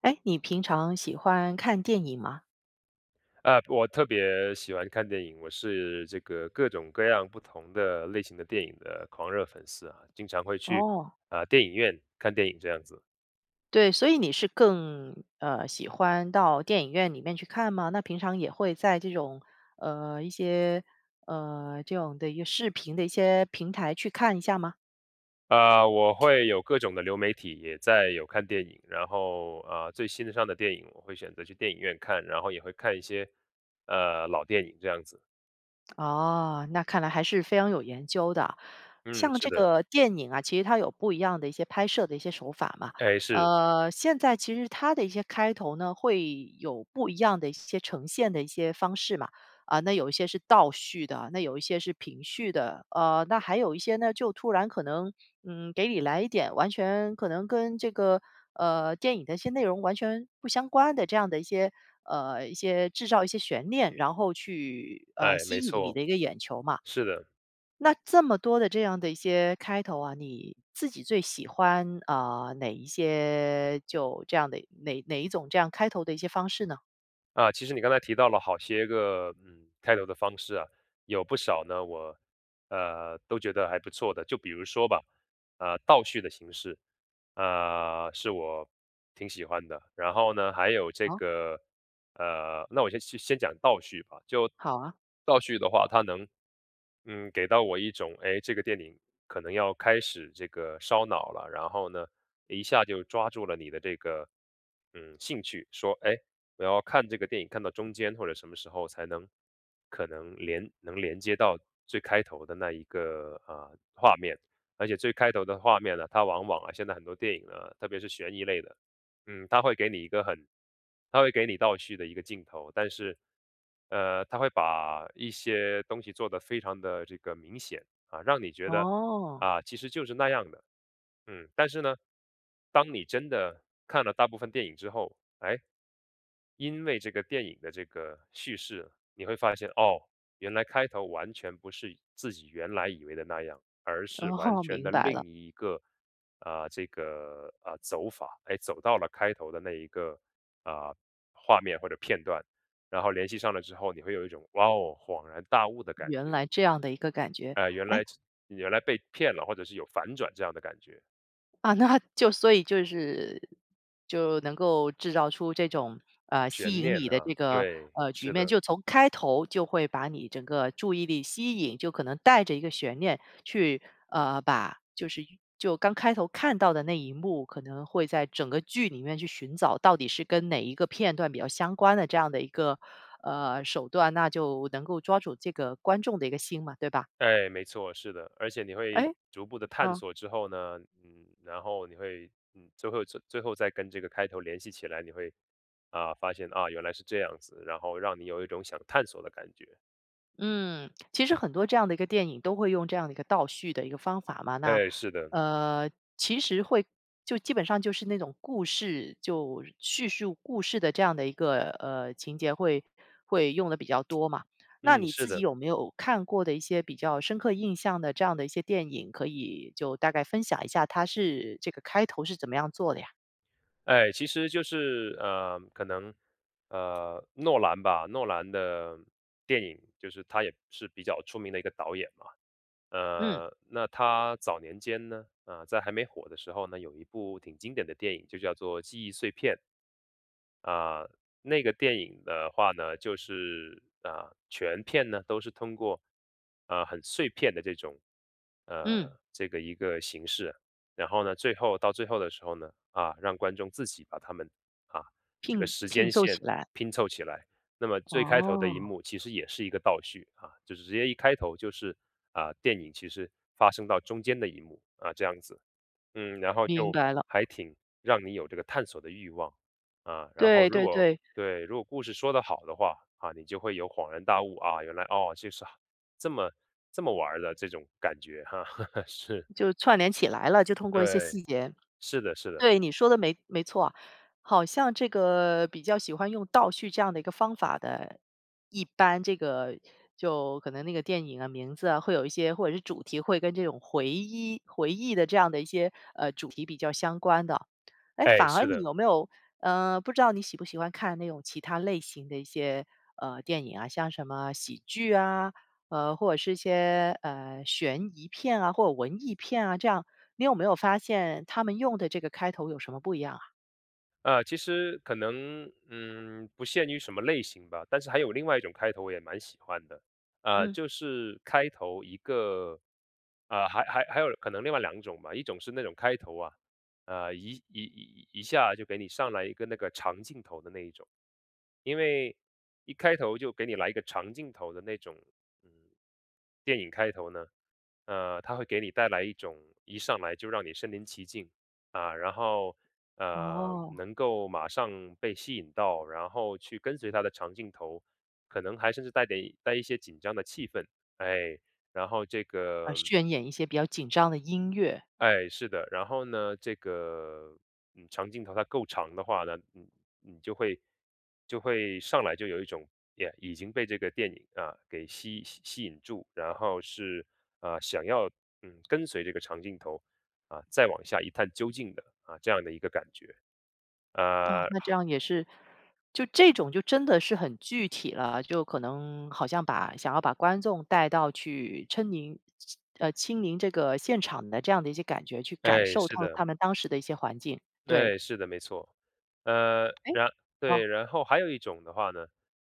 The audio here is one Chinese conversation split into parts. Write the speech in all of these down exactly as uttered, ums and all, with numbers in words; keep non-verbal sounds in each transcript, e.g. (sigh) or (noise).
哎，你平常喜欢看电影吗？呃，我特别喜欢看电影，我是这个各种各样不同的类型的电影的狂热粉丝啊，经常会去，哦。呃，电影院看电影这样子。对，所以你是更，呃，喜欢到电影院里面去看吗？那平常也会在这种呃，一些，呃，这种的一个视频的一些平台去看一下吗？呃，我会有各种的流媒体，也在有看电影，然后，呃，最新上的电影，我会选择去电影院看，然后也会看一些，呃，老电影这样子。哦，那看来还是非常有研究的。嗯，像是这的。个电影啊，其实它有不一样的一些拍摄的一些手法嘛。哎，是。呃，现在其实它的一些开头呢，会有不一样的一些呈现的一些方式嘛。啊，那有一些是倒叙的，那有一些是平叙的，呃，那还有一些呢，就突然可能，嗯，给你来一点，完全可能跟这个，呃，电影的一些内容完全不相关的这样的一些呃，一些制造一些悬念，然后去，呃，哎，吸没引你错，的一个眼球嘛。是的。那这么多的这样的一些开头啊，你自己最喜欢，呃，哪一些就这样的哪哪一种这样开头的一些方式呢？啊，其实你刚才提到了好些个，嗯，开头的方式啊，有不少呢我，呃，都觉得还不错的。就比如说吧，啊，倒叙的形式，呃，是我挺喜欢的，然后呢，还有这好。个呃，那我就先叙先讲倒叙吧。就好啊。倒叙的话它能，嗯，给到我一种，哎，这个电影可能要开始这个烧脑了，然后呢，一下就抓住了你的这个，嗯，兴趣，说，哎，我要看这个电影看到中间，或者什么时候才能可能连能连接到最开头的那一个，呃，画面。而且最开头的画面呢，它往往啊现在很多电影呢，特别是悬疑类的，嗯，它会给你一个很它会给你倒叙的一个镜头，但是，呃，它会把一些东西做得非常地这个明显，啊，让你觉得，哦。啊，其实就是那样的，嗯。但是呢，当你真的看了大部分电影之后，哎，因为这个电影的这个叙事，你会发现，哦，原来开头完全不是自己原来以为的那样，而是完哦，全明的白了。另一个，呃，这个，呃，走法，哎，走到了开头的那一个，呃，画面或者片段，然后联系上了之后，你会有一种，哇，恍然大悟的感原觉。来这样的一个感觉，哎，原哎来这原来被骗了，或者是有反转这样的感觉。啊，那就所以就是就能够制造出这种，呃，吸悬引念你的这啊，个，对，呃，局是面，的。就从开头就会把你整个注意力吸引，就可能带着一个悬念去呃，把就是就刚开头看到的那一幕，可能会在整个剧里面去寻找，到底是跟哪一个片段比较相关的，这样的一个，呃，手段，那就能够抓住这个观众的一个心嘛，对吧？哎，没错，是的，而且你会哎？逐步地探哦。索之后呢，嗯，然后你会嗯，最后最后再跟这个开头联系起来，你会，啊，发现啊，原来是这样子，然后让你有一种想探索的感觉。嗯，其实很多这样的一个电影都会用这样的一个倒叙的一个方法嘛，那，哎，是的。呃，其实会就基本上就是那种故事，就叙述故事的这样的一个，呃，情节会会用得比较多嘛。那嗯，你是自己的。有没有，看过的一些比较深刻印象的这样的一些电影，可以就大概分享一下，它是这个开头是怎么样做的呀？哎，其实就是，呃，可能，呃，诺兰吧，诺兰的电影，就是他也是比较出名的一个导演嘛。嗯。呃，那他早年间呢，呃，在还没火的时候呢，有一部挺经典的电影就叫做《记忆碎片》。啊，那个电影的话呢，就是，呃，全片呢都是通过，呃，很碎片的这种，呃，嗯。这个一个形式。然后呢，最后到最后的时候呢，啊，让观众自己把它们，啊，这个聘时聘间凑起线来。拼凑起来。那么最开头的一哦。幕其实也是一个倒叙，啊，就是直接一开头就是，啊，电影其实发生到中间的一幕，啊，这样子，嗯，然后明就白了。还挺让你有这个探索的欲望。呃，然后对，如对果对。对，如果故事说得好的话，啊，你就会有恍然大悟，啊，原来，哦，就是啊，这么，这么玩儿的这种感觉哈，(laughs) 是。就串联起来了，就通过一些对，细节。是的，是的。对，你说的没没错，好像这个比较喜欢用倒叙这样的一个方法的，一般这个就可能那个电影啊名字啊，会有一些或者是主题会跟这种回一回忆的这样的一些，呃，主题比较相关的。哎，哎，反而是你的。有没有呃，不知道你喜不喜欢看那种其他类型的一些，呃，电影啊，像什么喜剧啊，呃，或者是一些，呃，悬疑片啊，或者文艺片啊这样，你有没有发现它们用的这个开头，有什么不一样啊？呃，其实可能，嗯，不限于什么类型吧，但是还有另外一种开头我也蛮喜欢的。呃，嗯。就是开头一个，呃，还还还有可能另外两种吧。一种是那种开头啊，呃，一一一一一下就给你上来一个那个长镜头的那一种。因为一开头就给你来一个长镜头的那种，嗯，电影开头呢，呃，它会给你带来一种，一上来就让你身临其境，啊，然后，呃，哦。能够马上被吸引到，然后去跟随它的长镜头，可能还是甚至带点带一些紧张的气氛，哎，然后这呃，个渲演一些比较紧张的音乐。哎，是的，然后呢，这个，嗯，长镜头它够长的话呢，你你就会就会上来就有一种，也已经被这个电影啊给吸吸吸引住，然后是，呃，想要，嗯，跟随这个长镜头，啊，再往下一探究竟的，啊，这样的一个感觉。啊，呃，那这好样也是，就这种就真的是很具体了，就可能好像把想要把观众带到去嗔迎希呃，亲临这个现场的这样的一些感觉，去感哎，受是到他的。们当时的一些环境，对。对，是的，没错。呃，哎，然哦。对，然后还有一种的话呢，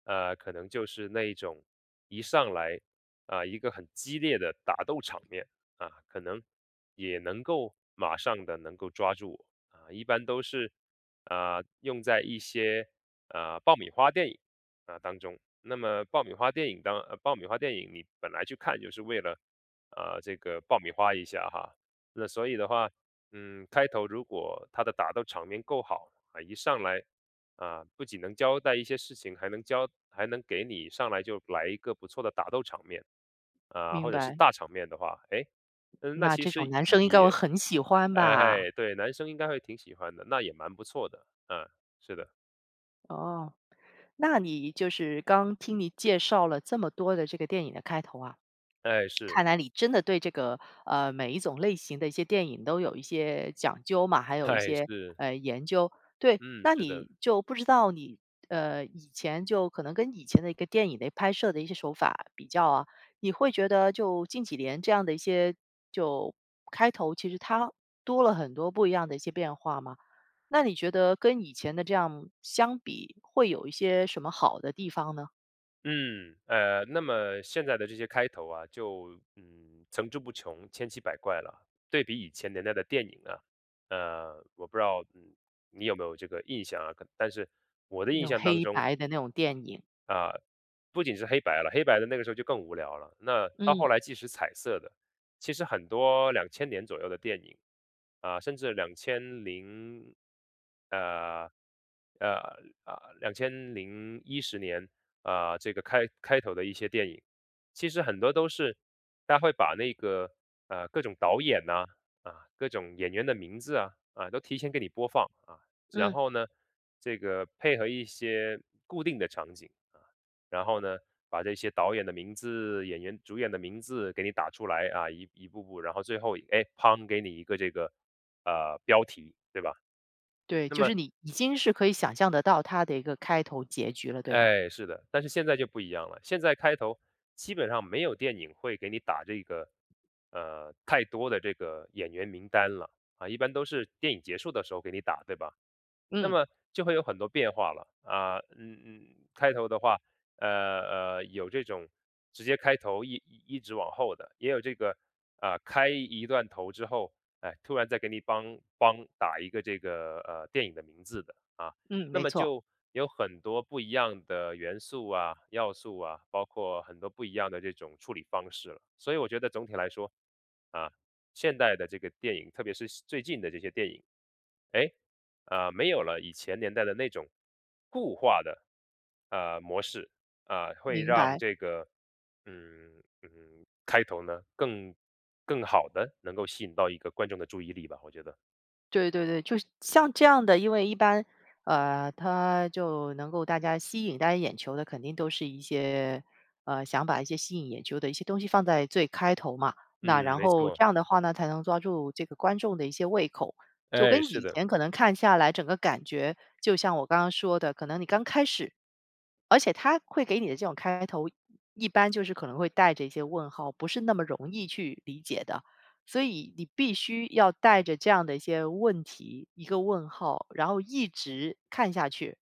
呃，可能就是那一种一上来，呃，一个很激烈的打斗场面，啊，可能也能够马上地能够抓住我，呃，一般都是，呃，用在一些，呃，爆米花电影，啊，当中。那么爆米花电影当爆米花电影，你本来去看就是为了，呃，这个爆米花一下哈。那所以的话，嗯，开头如果它的打斗场面够好，呃，一上来，啊，不仅能交代一些事情，还能交还能给你上来，就来一个不错的打斗场面，啊，明或者是白。大场面的话，哎，嗯那那其这种实男生应该会也很喜欢吧。哎，对，男生应该会挺喜欢的，那也蛮不错的，嗯，是的。哦，那你就是刚听你介绍了，这么多的这个电影的开头啊。哎，(smacks lips) 是。看来你真的对这个，呃，每一种类型的一些电影都有一些讲究嘛，还有一哎，些，是。呃，研究。对，嗯，那是的。你就不知道你，呃，以前就可能跟以前的一个电影的拍摄的一些手法比较啊，你会觉得就近几年这样的一些就开头，其实它多了很多不一样的一些变化吗？那你觉得跟以前的这样相比，会有一些什么好的地方呢？嗯，呃，那么现在的这些开头啊，就，嗯，层出不穷、千奇百怪了。对比以前年代的电影啊，呃，我不知道，嗯，你有没有这个印象啊，可但是我的那印种象当黑中白的那种电影。啊，不仅是黑白了，黑白的那个时候就更无聊了，那到后嗯。来即使彩色的，其实很多两千年左右的电影，啊，甚至两千零呃，呃，呃，两千零一十年，啊，这个开开头的一些电影，其实很多都是，他会把那个，呃，各种导演哪，啊，各种演员的名字啊，啊，都提前给你播放啊。然嗯。后呢，这个配合一些固定的场景，呃，然后呢，把这些导演的名字、演员主演的名字给你打出来啊，一一步步，然后最后，哎，嗙给你一个这个，呃，标题，对吧？对，那就么是你已经是可以想象得到它的一个开头结局了，对吧？哎，是的，但是现在就不一样了，现在开头基本上，没有电影会给你打这个，呃，太多的这个演员名单了。啊，一般都是电影结束的时候给你打，对吧？那嗯。么就会有很多变化了，啊，嗯，嗯，开头的话，呃，呃，有这种直接开头一一直往后的，也有这个，呃，开一一段头之后，哎，突然在给你梆梆打一个这个，呃，电影的名字的，啊。嗯，那没么错。就有很多不一样的元素啊、要素啊，包括很多不一样的这种处理方式了。所以我觉得总体来说，啊，现代的这个电影，特别是最近的这些电影，哎，呃，没有了以前年代的那种固化的，呃，模式，啊，会明让白。这个，嗯，嗯，开头呢，更更好地能够吸引到一个观众的注意力吧，我觉得。对，对，对，就像这样的，因为一般，呃，它就能够大家吸引大家眼球的肯定都是一些，呃，想把一些吸引眼球的一些东西放在最开头嘛。那嗯，然没后错。这样的话呢，才能抓住这个观众的一些胃口，就哎，跟是以的。前可能看下来整个感觉，就像我刚刚说的，可能你刚开始而且它会给你的这种开头，一般就是可能会带着一些问号，不是那么容易去理解的。所以你必须要带着这样的一些问题、一个问号，然后一直看下去，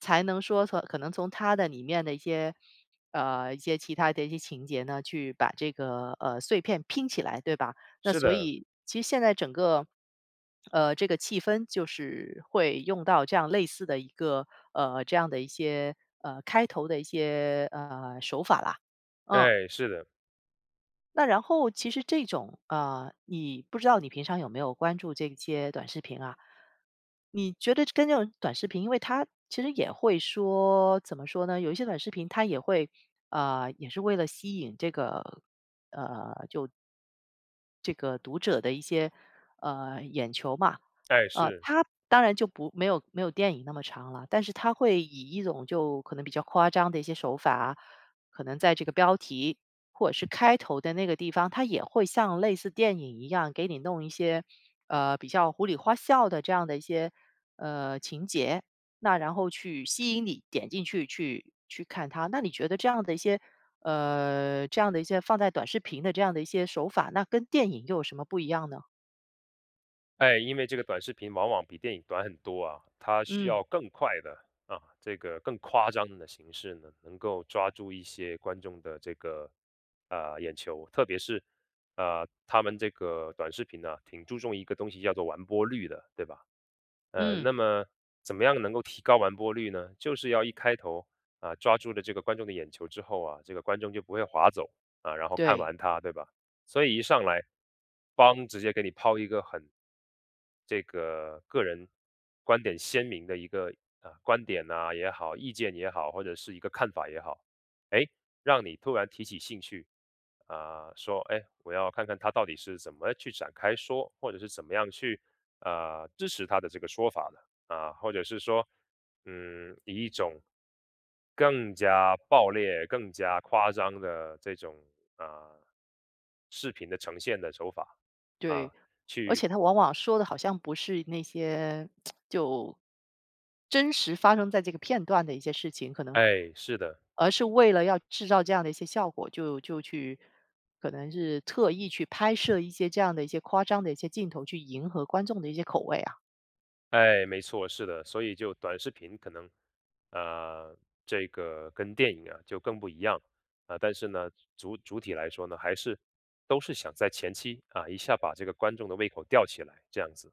才能说说可能从它的里面的一些，呃，一些其他的一些情节呢，去把这个，呃，碎片拼起来，对吧？那是所的。以其实现在整个，(smacks lips) 呃，这个气氛就是会用到这样类似的一个呃，这样的一些呃，开头的一些，呃，手法啦，嗯。哎，是的。那然后其实这种，呃，你不知道你平常有没有关注这些短视频啊。你觉得跟那种短视频，因为它其实也会说，怎么说呢，有一些短视频它也会，呃，也是为了吸引这个呃，就这个读者的一些，呃，眼球嘛，哎，呃，是。它当然就不没有没有电影那么长了，但是它会以一种就可能比较夸张的一些手法，可能在这个标题，或者是开头的那个地方，它也会像类似电影一样给你弄一些，呃，比较胡里花笑的这样的一些，呃，情节，那然后去吸引你点进去去去看它，那你觉得这样的一些呃，这样的一些放在短视频的这样的一些手法，那跟电影又有什么不一样呢？哎，因为这个短视频往往比电影短很多啊。它需嗯。要更快的，啊，这个更夸张的形式呢，能够抓住一些观众的这个，呃，眼球。特别是，呃，它们这个短视频呢，挺注重一个东西叫做完播率的，对吧？呃，嗯。那么怎么样能够提高完播率呢？就是要一开头，啊，抓住了这个观众的眼球之后啊，这个观众就不会划走，啊，然后看对。完它，对吧？所以一上来，𠳐，直接给你抛一个很这个个人观点鲜明的一个啊，观点哪也好，意见也好，或者是一个看法也好，哎，让你突然提起兴趣，啊，说：“哎，我要看看它到底是怎么去展开说，或者是怎么样去，呃，支持它的这个说法的。”啊，或者是说，嗯，以一种更加暴烈、更加夸张的这种，呃，视频的呈现的手法，啊，对，而去且它往往说的好像不是那些 (smacks lips) 就真实发生在这个片段的一些事情，可能哎，是的。而是为了要制造这样的一些效果，就就去可能是特意去拍摄一些这样的一些夸张的一些镜头，去迎合观众的一些口味啊。哎，没错，是的，所以就短视频可能，呃，这个跟电影啊就更不一样，呃，但是呢，主主体来说呢，还是都是想在前期，啊，一下把这个观众的胃口吊起来，这样子。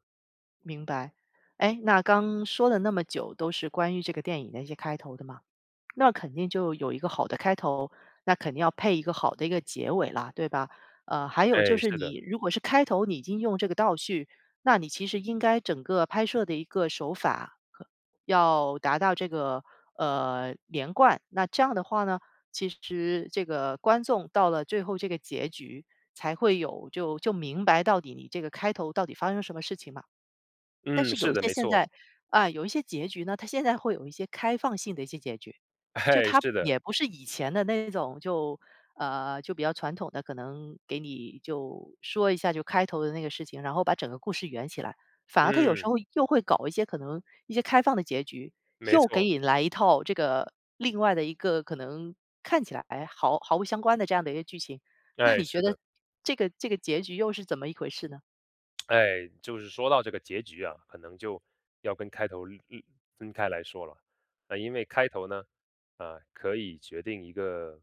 明白，哎，那刚说了那么久，都是关于这个电影的一些开头的嘛。那肯定就有一个好的开头，那肯定要配一个好的一个结尾了，对吧？呃，还有就哎，是是的。你如果是开头你已经用这个倒叙，那你其实应该整个拍摄的一个手法呵，要达到这个，呃，连贯，那这样的话呢，其实这个观众到了最后这个结局才会有，就就明白到底你这个开头，到底发生什么事情嘛。但嗯，是有是一的，些没现错。在，啊，有一些结局呢，它现在会有一些开放性的一些结局，就哎，它是的。也不是以前的那种，就，呃，就比较传统的，可能给你就说一下就开头的那个事情，然后把整个故事圆起来，反而它有时嗯。候又会搞一些可能一些开放的结局，没又给错。你来一套这个另外的一个，可能看起来，哎，毫毫不相关的这样的一个剧情，那哎，你觉是得的。这个这个结局又是怎么一回事呢？(tsk) 哎，就是说到这个结局啊，可能就要跟开头，嗯，嗯，分开来说了。呃，因为开头呢，呃，可以决定一个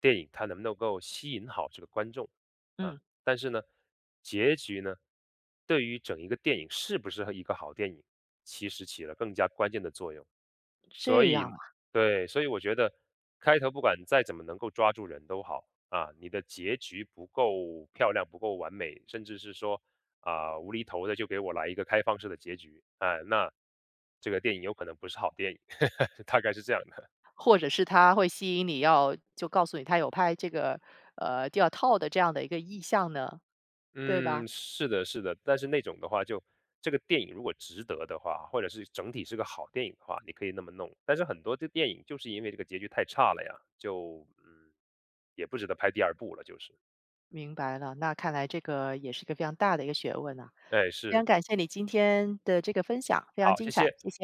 电影它能不能够吸引好这个观众，啊，嗯。但是呢，结局呢？对于整一个电影是不是一个好电影，其实起了更加关键的作用，所这样以啊。对，所以我觉得，开头不管再怎么能够抓住人都好，啊，你的结局不够漂亮，不够完美，甚至是说啊无厘头的，就给我来一个开放式的结局。啊，那这个电影有可能不是好电影，(laughs) 大概是这样的。或者是它会吸引你要就告诉你，它有拍这个，呃，第二套的这样的一个意向呢，对吧？嗯，是的，是的。但是那种的话就这个电影如果值得的话啊，或者是整体是个好电影的话，你可以那么弄，但是很多的电影就是因为这个结局太差了呀，就，嗯，也不值得拍第二部了，就是。明白了，那看来这个也是一个非常大的一个学问啊，哎，非常是。感谢你今天的这个分享，非常好，精谢彩，谢。谢谢。